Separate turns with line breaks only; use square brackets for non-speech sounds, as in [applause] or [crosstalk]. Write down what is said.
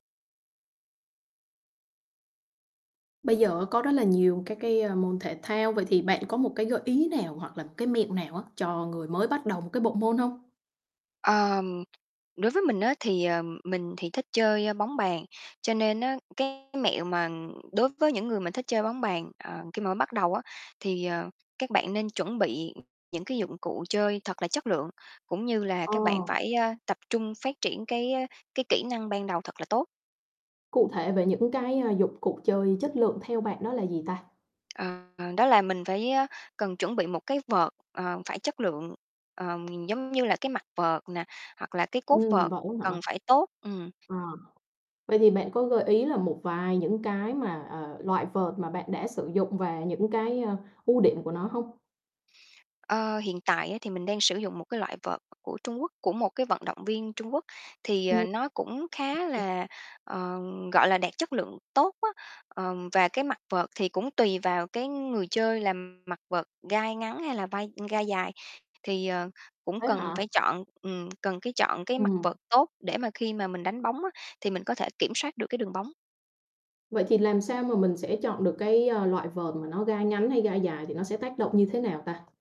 Bây giờ có rất là nhiều các cái, a, môn thể thao, vậy thì bạn có một cái gợi ý nào hoặc là cái mẹo nào á, cho người mới bắt đầu một cái bộ môn hông?
Ờm, đối với mình á thì, ờ, mình thì thích chơi, ơ, bóng bàn, cho nên á, cái mẹo mà đối với những người mà thích chơi bóng bàn, ờ, khi mà mới bắt đầu á, thì, ờ, các bạn nên chuẩn bị những cái dụng cụ chơi thật là chất lượng, cũng như là
Ờ.
các bạn phải, a, tập trung phát triển cái, ơ, cái kỹ năng ban đầu thật là tốt.
Cụ thể về những cái, a, dụng cuộc chơi chất lượng theo bạn đó là gì ta?
Ờ, đó là mình phải, ơ, cần chuẩn bị một cái vợt, ờ, phải chất lượng, ờm, giống như là cái mặt vợt nè, hoặc là cái cốt
Ừm,
vợt
vậy á hả?
cần phải tốt, ừm.
À, vậy thì bạn có gợi ý là một vài những cái mà, ờ, loại vợt mà bạn đã sử dụng và những cái, ơ, ưu điểm của nó hông?
Ơ, hiện tại á thì mình đang sử dụng một cái loại vợt của Trung Quốc, của một cái vận động viên Trung Quốc, thì, ờ,
Ừm.
nó cũng khá
[unintelligible]
là, ờ, gọi là, đạt chất lượng tốt á. Ờ, và cái mặt vợt thì cũng tùy vào cái người chơi làm mặt vợt gai ngắn hay là vai ưm, gai dài, thì, ờ, cũng
Thế
cần
hả?
phải chọn ừm, cần, cái, chọn cái mặt
Ừm.
vợt tốt để mà khi mà mình đánh bóng á, thì mình có thể kiểm soát được cái đường bóng.
Vậy thì làm sao mà mình sẽ chọn được cái, ơ, loại vợt mà nó gai ngắn hay gai dài thì nó sẽ tác động như thế nào ta?